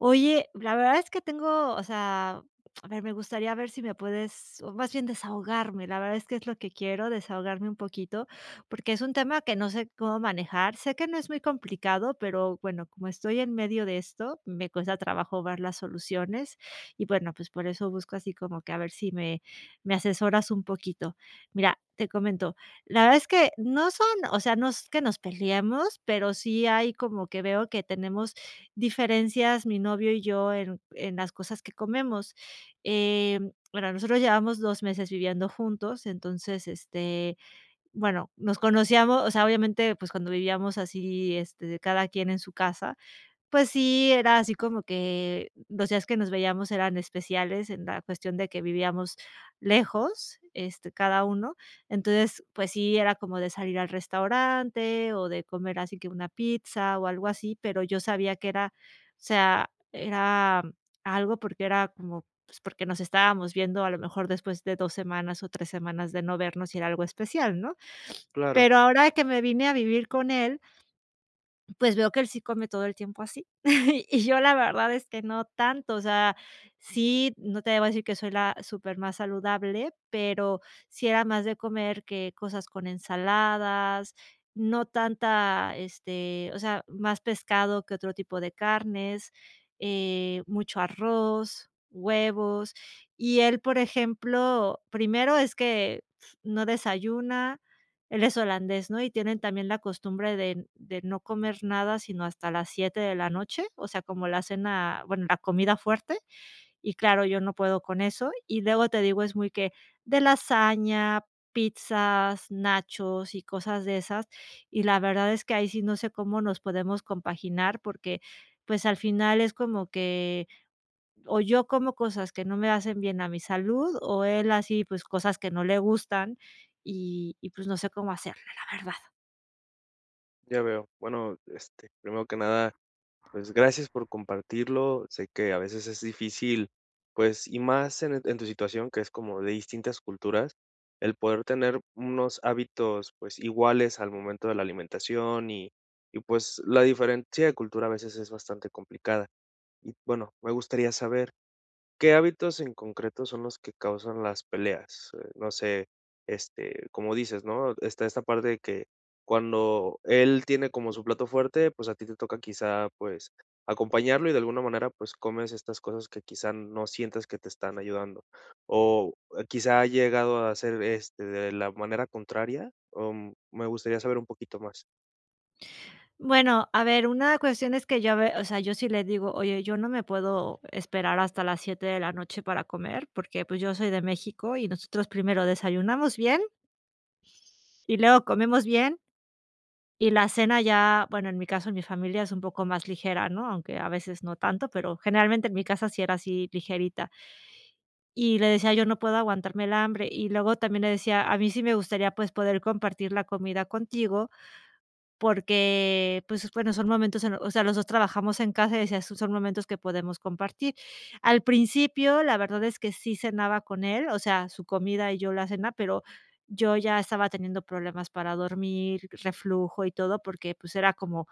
Oye, la verdad es que tengo o sea, a ver, me gustaría ver sí me puedes o, más bien, desahogarme. La verdad es que es lo que quiero desahogarme un poquito porque es un tema que no sé cómo manejar, sé que no es muy complicado, pero bueno, como estoy en medio de esto, me cuesta trabajo ver las soluciones. Y bueno, pues, por eso busco así como que a ver sí me me asesoras un poquito. Mira, te comento, la verdad es que no son o sea, no es que nos peleemos, pero sí hay como que veo que tenemos diferencias mi novio y yo en en las cosas que comemos, em, bueno, nosotros llevamos 2 meses viviendo juntos, entonces, este, bueno, nos conocíamos, o sea, obviamente, pues, cuando vivíamos así, este, de cada quien en su casa, pues sí, era así como que los días que nos veíamos eran especiales en la cuestión de que vivíamos lejos, este, cada uno. Entonces, pues sí, era como de salir al restaurante o de comer así que una pizza o algo así, pero yo sabía que era, o sea, era algo porque era como, pues, porque nos estábamos viendo a lo mejor después de 2 semanas o 3 semanas de no vernos y era algo especial, ¿no?, Claro. pero ahora que me vine a vivir con él pues, veo que él sí come todo el tiempo así. Y yo la verdad es que no tanto. O sea, sí, no te voy a decir que soy la súper más saludable, pero sí era más de comer que cosas con ensaladas, no tanta este, o sea, más pescado que otro tipo de carnes eh, mucho arroz, huevos. Y él, por ejemplo, primero es que no desayuna. Él es holandés, ¿no?, y tienen también la costumbre de de no comer nada, sino hasta las 7 de la noche, o sea, como la cena, bueno, la comida fuerte. Y claro, yo no puedo con eso. Y luego te digo, es muy que de lasaña, pizzas, nachos y cosas de esas, y la verdad es que ahí sí no sé cómo nos podemos compaginar porque, pues, al final es como que, o yo como cosas que no me hacen bien a mi salud o él, así, pues cosas que no le gustan y y, pues, no sé cómo hacerle, la verdad. Ya veo. Bueno, este, primero que nada, pues, gracias por compartirlo. Sé que a veces es difícil, pues, y más en en tu situación que es como de distintas culturas, el poder tener unos hábitos, pues, iguales al momento de la alimentación y y, pues, la diferencia de cultura a veces es bastante complicada. Y bueno, me gustaría saber, ¿qué hábitos en concreto son los que causan las peleas? Eh, no sé, este, como dices, ¿no?, está esta parte de que cuando él tiene como su plato fuerte, pues, a ti te toca quizá, pues, acompañarlo y de alguna manera, pues, comes estas cosas que quizá no sientas que te están ayudando, ¿o quizá ha llegado a ser, este, de la manera contraria? O me gustaría saber un poquito más. Bueno, a ver, una cuestión es que yo a ver, o sea, yo sí le digo, oye, yo no me puedo esperar hasta las 7 de la noche para comer porque, pues, yo soy de México y nosotros primero desayunamos bien y luego comemos bien y la cena ya, bueno, en mi caso, en mi familia es un poco más ligera, ¿no?, aunque a veces no tanto, pero generalmente en mi casa sí era así, ligerita Y le decía: "Yo no puedo aguantarme el hambre", y luego también le decía: "A mí sí me gustaría, pues, poder compartir la comida contigo", porque, pues bueno, son momentos en los o sea, los 2 trabajamos en casa, y decía: "Esos son momentos que podemos compartir". Al principio, la verdad es que sí cenaba con él, o sea, su comida y yo la cena, pero yo ya estaba teniendo problemas para dormir, reflujo y todo, porque, pues era como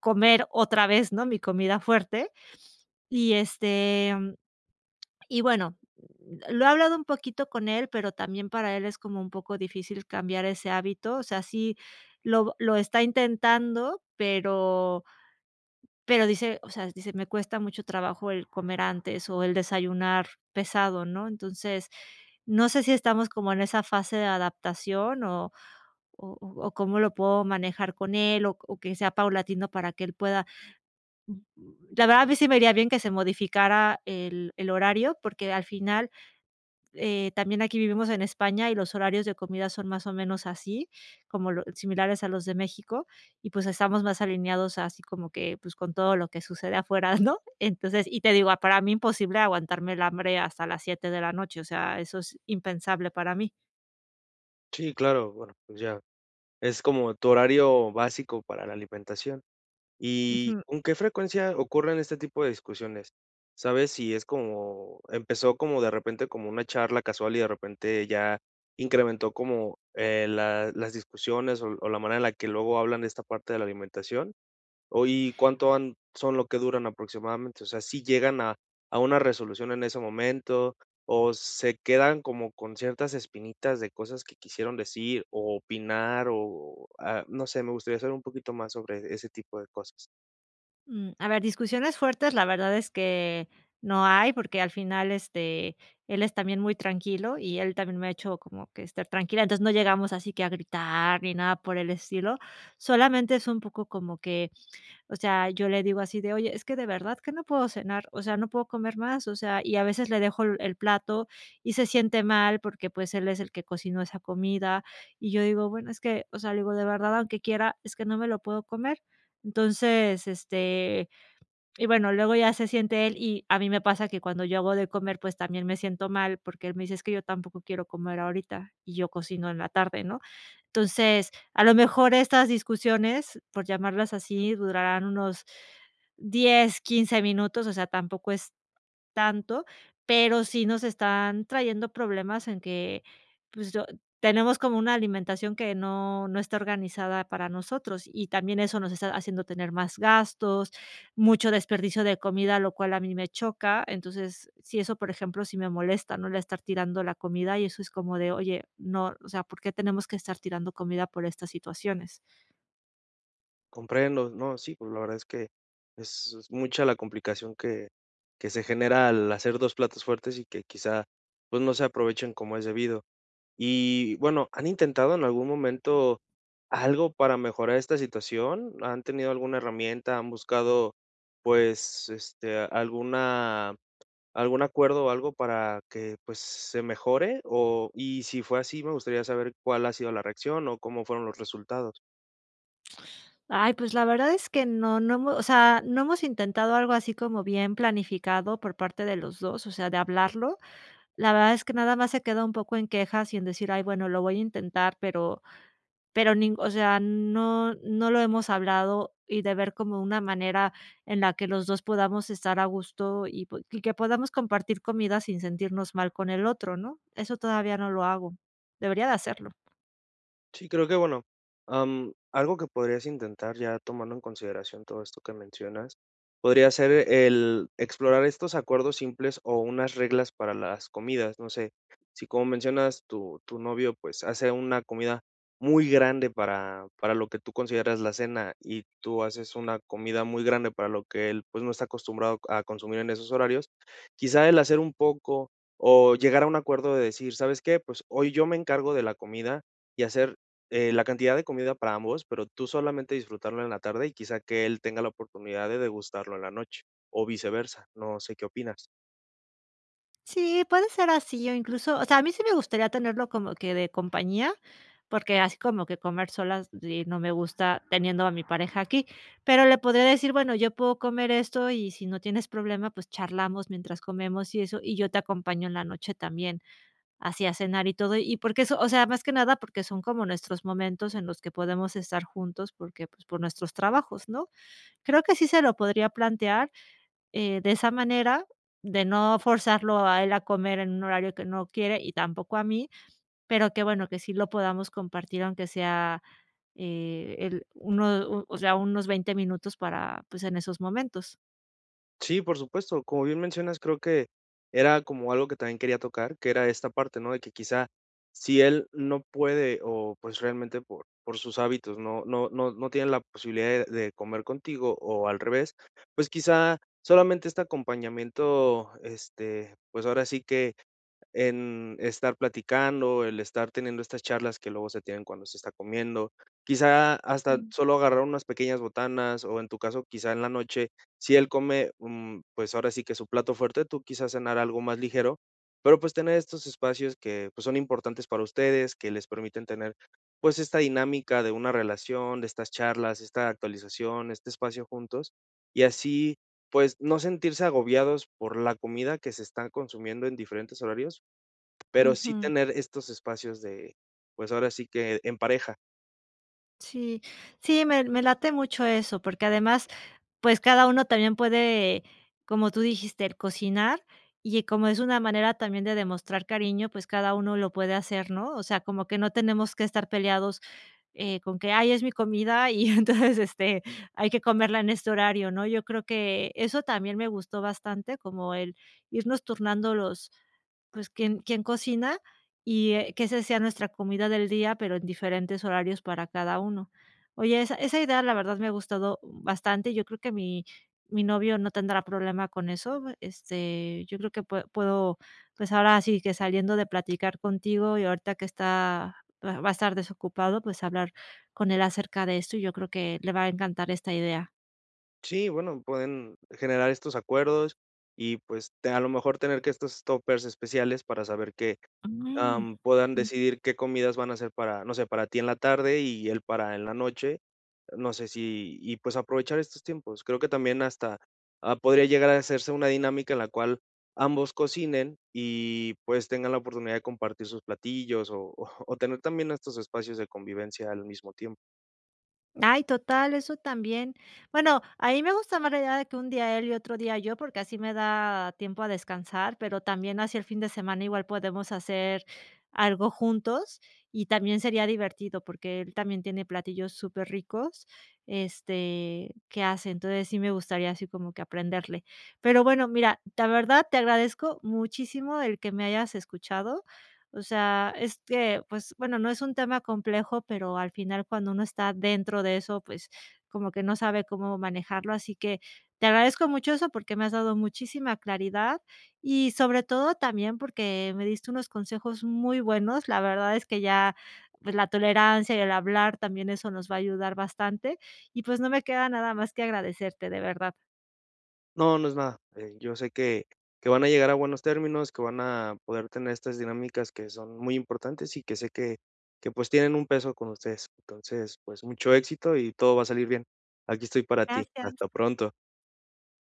comer otra vez, ¿no?, mi comida fuerte y, este, mm, y bueno, lo he hablado un poquito con él, pero también para él es como un poco difícil cambiar ese hábito. O sea, sí lo lo está intentando, pero pero dice, o sea, dice: "Me cuesta mucho trabajo el comer antes o el desayunar pesado", ¿no?, entonces, no sé si estamos como en esa fase de adaptación o o o o cómo lo puedo manejar con él o o que sea paulatino para que él pueda [unintelligible] ya va, a mí sí me haría bien que se modificara el el horario, porque al final, eh también aquí, vivimos en España y los horarios de comida son más o menos así como lo similares a los de México y, pues, estamos más alineados así como que, pues con todo lo que sucede afuera, ¿no? Entonces, y te digo, para mí imposible aguantarme el hambre hasta las 7 de la noche, o sea, eso es impensable para mí. Sí, claro bueno, pues, ya, es como tu horario básico para la alimentación. Y, Ujú. ¿con qué frecuencia ocurren este tipo de discusiones? ¿Sabes sí es como, empezó como de repente como una charla casual y de repente ya incrementó como, eh, la las discusiones o o la manera en la que luego hablan de esta parte de la alimentación? ¿Hoy cuánto han son lo que duran aproximadamente? O sea, ¿sí llegan a a una resolución en ese momento o se quedan como con ciertas espinitas de cosas que quisieron decir o opinar? O, ah, no sé, me gustaría saber un poquito más sobre ese tipo de cosas. Mm, a ver, discusiones fuertes, la verdad es que no hay porque al final, este, él es también muy tranquilo y él también me ha hecho como que estar tranquila. Entonces no llegamos así que a gritar ni nada por el estilo, solamente es un poco como que, o sea, yo le digo así de: "¿Oye? Es que de verdad que no puedo cenar, o sea, no puedo comer más", o sea, y a veces le dejo el plato y se siente mal porque, pues, él es el que cocinó esa comida. Y yo digo, bueno, es que, o sea, le digo de verdad, aunque quiera, es que no me lo puedo comer. Entonces, este, y bueno, luego ya se siente él. Y a mí me pasa que cuando yo hago de comer, pues también me siento mal porque él me dice: "Es que yo tampoco quiero comer ahorita", y yo cocino en la tarde, ¿no? Entonces, a lo mejor, estas discusiones, por llamarlas así, durarán unos 10, 15 minutos. O sea, tampoco es tanto, pero sí nos están trayendo problemas en que, pues, tenemos como una alimentación que no no está organizada para nosotros. Y también eso nos está haciendo tener más gastos, mucho desperdicio de comida, lo cual a mí me choca. Entonces, sí, eso, por ejemplo, sí me molesta, ¿no?, el estar tirando la comida y eso es como de: "Oye, no, o sea, ¿por qué tenemos que estar tirando comida por estas situaciones?". Comprendo, no, sí, pues, la verdad es que es es mucha la complicación que que se genera al hacer 2 platos fuertes, y que, quizá, pues no se aprovechen como es debido. Y bueno, ¿han intentado en algún momento, algo para mejorar esta situación? ¿Han tenido alguna herramienta? ¿Han buscado, pues, este, alguna, algún acuerdo, o algo para que, pues, se mejore? O y si fue así me gustaría saber cuál ha sido la reacción, o cómo fueron los resultados. Ay, pues, la verdad es que no no hemo o sea, no hemos intentado algo así como bien planificado por parte de los 2, o sea, de hablarlo. La verdad es que nada más se queda un poco en quejas, y en decir: "Ay, bueno, lo voy a intentar", pero pero nin o sea, no no lo hemos hablado. Y de ver como una manera en la que los 2 podamos estar a gusto, y pu y que podamos compartir comida sin sentirnos mal con el otro, ¿no? Eso todavía no lo hago, debería de hacerlo. Sí, creo que bueno, am, algo que podrías intentar ya tomando en consideración todo esto que mencionas, podría ser el explorar estos acuerdos simples, o unas reglas para las comidas, no sé. Si como mencionas, tu tu novio, pues, hace una comida muy grande para para lo que tú consideras la cena, y tú haces una comida muy grande para lo que él, pues, no está acostumbrado a consumir en esos horarios, quizá el hacer un poco, o llegar a un acuerdo de decir: "¿Sabes qué? Pues, hoy yo me encargo de la comida", y hacer eh, la cantidad de comida para ambos, pero tú solamente disfrutarlo en la tarde, y quizá, que él tenga la oportunidad de degustarlo en la noche o viceversa. No sé qué opinas. Sí puede ser así o incluso, o sea, a mí sí me gustaría tenerlo como que de compañía, porque así como que comer solas y no me gusta teniendo a mi pareja aquí, pero le podría decir: "Bueno, yo puedo comer esto y si no tienes problema, pues, charlamos mientras comemos y eso, y yo te acompaño en la noche también así a cenar y todo". Y porque eso, o sea, más que nada porque son como nuestros momentos en los que podemos estar juntos porque, pues, por nuestros trabajos, ¿no? Creo que sí se lo podría plantear, eh, de esa manera, de no forzarlo a él a comer en un horario que no quiere y tampoco a mí, pero que bueno, que sí lo podamos compartir, aunque sea, eh, el uno, u o sea, unos 20 minutos para pues, en esos momentos. Sí, por supuesto, como bien mencionas, creo que era como algo que también quería tocar, que era esta parte, ¿no?, de que quizá si él no puede o, pues, realmente por por sus hábitos no no no no tiene la posibilidad de de comer contigo o al revés, pues quizá solamente este acompañamiento, este, pues, ahora sí que en estar platicando, el estar teniendo estas charlas que luego se tienen cuando se está comiendo, quizá hasta Mm. solo agarrar unas pequeñas botanas o en tu caso quizá en la noche si él come, mm, pues ahora sí que su plato fuerte tú quizás cenar algo más ligero pero, pues, tener estos espacios que, pues, son importantes para ustedes que les permiten tener, pues, esta dinámica de una relación, de estas charlas, esta actualización, este espacio juntos y así, pues, no sentirse agobiados por la comida que se están consumiendo en diferentes horarios pero sí Ujú. tener estos espacios de, pues, ahora sí que en pareja. Sí, sí, me me late mucho eso, porque además, pues, cada uno también puede, como tú dijiste, cocinar, y, eh, como es una manera también de demostrar cariño, pues, cada uno lo puede hacer, ¿no? O sea, como que no tenemos que estar peleados, eh, con que: "Ay, es mi comida, y entonces, este, hay que comerla en este horario", ¿no? Yo creo que eso también me gustó bastante, como el, irnos turnando los pues, quién quién cocina y, eh, qué se sea nuestra comida del día, pero en diferentes horarios para cada uno. Oye, esa esa idea la verdad me ha gustado, uh, bastante. Yo creo que mi mi novio no tendrá problema con eso, me este, yo creo que pue puedo, pues ahora sí que, saliendo de platicar contigo y ahorita que está va va a estar desocupado, pues, hablar con él acerca de eso, y yo creo que le va a encantar esta idea. Sí, bueno, pueden generar estos acuerdos, y pues, te a lo mejor, tener que estos tópers especiales para saber que, Mm, am, puedan ujú. decidir qué comidas van a ser para, no sé, para ti en la tarde, y él para en la noche. No sé, si, y pues, aprovechar estos tiempos. Creo que también hasta, ah, podría llegar a hacerse una dinámica en la cual, ambos cocinen y pues, tengan la oportunidad de compartir sus platillos, o o tener también estos espacios de convivencia al mismo tiempo. Ay, total, eso también. Bueno, a mí me gusta más la idea de que un día él, y otro día yo, porque así me da tiempo a descansar, pero también, así el fin de semana igual podemos hacer algo juntos, y también sería divertido porque él, también tiene platillos superricos, este, que hace, entonces, sí me gustaría así como que aprenderle. Pero bueno, mira, la verdad te agradezco muchísimo el que me hayas escuchado. O sea, este, pues bueno, no es un tema complejo, pero al final, cuando uno está dentro de eso, pues, como que no sabe cómo manejarlo. Así que, te agradezco mucho eso, porque me has dado muchísima claridad, y sobre todo, también porque me diste unos consejos muy buenos. La verdad es que ya, pues, la tolerancia y el hablar también eso nos va a ayudar bastante, y pues, no me queda nada más que agradecerte, de verdad. No, no es nada. Eh, yo sé que que van a llegar a buenos términos, que van a poder tener estas dinámicas que son muy importantes, y que sé que que pues, tienen un peso con ustedes. Entonces, pues, mucho éxito y todo va a salir bien. Aquí estoy para ti. Hasta Gracias. pronto.